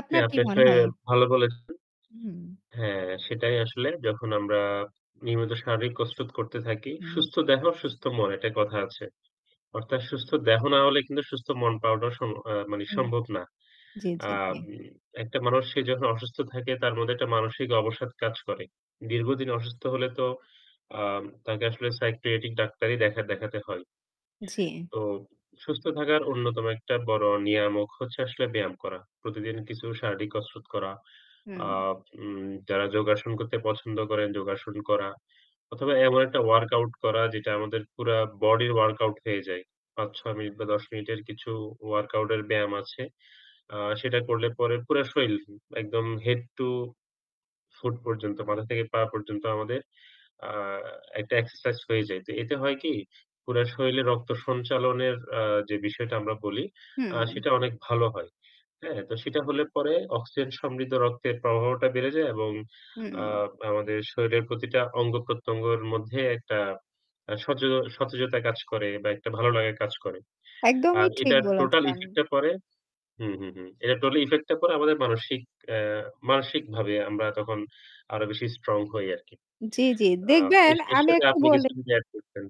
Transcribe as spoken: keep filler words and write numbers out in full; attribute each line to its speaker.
Speaker 1: আপনার
Speaker 2: হ্যাঁ,
Speaker 1: কি
Speaker 2: আপনি
Speaker 1: মনে
Speaker 2: আসলে
Speaker 1: হয়?
Speaker 2: ভালো বলেছেন।
Speaker 1: হুম।
Speaker 2: হ্যাঁ, সেটাই আসলে যখন আমরা নিয়মিত শারীরিক কসরত করতে থাকি,
Speaker 1: হুম।
Speaker 2: সুস্থ দেহ সুস্থ মন একটা কথা আছে। অর্থাৎ সুস্থ দেহ না হলে কিন্তু সুস্থ মন পাওয়াটাও সম্ভ এ মানে
Speaker 1: হুম।
Speaker 2: সম্ভব না।
Speaker 1: জ্বী,
Speaker 2: আ
Speaker 1: জ্বী, জ্বী।
Speaker 2: উম একটা মানুষ সে যখন অসুস্থ থাকে তার মধ্যে একটা মানসিক অবসাদ কাজ করে। দীর্ঘদিন অসুস্থ হলে তো আ তাকে আসলে সাইকিয়াট্রিক ডাক্তারই দেখা দেখাতে হয়।
Speaker 1: জ্বি।
Speaker 2: তো সুস্থ থাকার অন্যতম একটা বড় নিয়ামক হচ্ছে আসলে ব্যায়াম করা। প্রতিদিন কিছু শারীরিক কসরত করা।
Speaker 1: হুম।
Speaker 2: আ উম যারা যোগাসন করতে পছন্দ করেন, যোগাসন করা। অথবা এমন একটা ওয়ার্কআউট করা যেটা আমাদের পুরা বডির ওয়ার্কআউট হয়ে যায়। পাচঁ-ছয় মিনিট বা দশ মিনিটের কিছু ওয়ার্কআউটের ব্যায়াম আছে। আ সেটা করলে পরে পুরা শরীল একদম হেড টু ফুট পর্যন্ত মাথা থেকে পা পর্যন্ত আমাদের আ একটা এক্সারসাইজ হয়ে যায়। তো এতে হয় কি পুরা শরীরে রক্ত সঞ্চালনের আ যে বিষয়টা আমরা বলি, আ
Speaker 1: হুম।
Speaker 2: সেটা অনেক ভালো হয়। হ্যাঁ, তো সেটা হলে পরে অক্সিজেন সমৃদ্ধ রক্তের প্রবাহটা বেড়ে যায় এবং আ
Speaker 1: হুম।
Speaker 2: আমাদের শরীরের প্রতিটা অঙ্গ-প্রত্যঙ্গের মধ্যে একটা আ সতেজ সতেজতা কাজ করে বা একটা ভালো লাগা কাজ করে।
Speaker 1: একদমই
Speaker 2: আর
Speaker 1: ঠিক
Speaker 2: এটার টোটাল
Speaker 1: বলেছেন।
Speaker 2: ইফেক্টটা পরে হুম হুম হুম এটা টোটাল ইফেক্টটা পরে আমাদের মানসিক আ মানসিকভাবে আমরা তখন আরো বেশি স্ট্রং হই আরকি।
Speaker 1: জ্বী, জ্বী,
Speaker 2: আ
Speaker 1: দেখবেন
Speaker 2: এর এর
Speaker 1: আমি
Speaker 2: সাথে
Speaker 1: একটু
Speaker 2: আপনি কিছু
Speaker 1: বলি।
Speaker 2: যদি এড করতেন?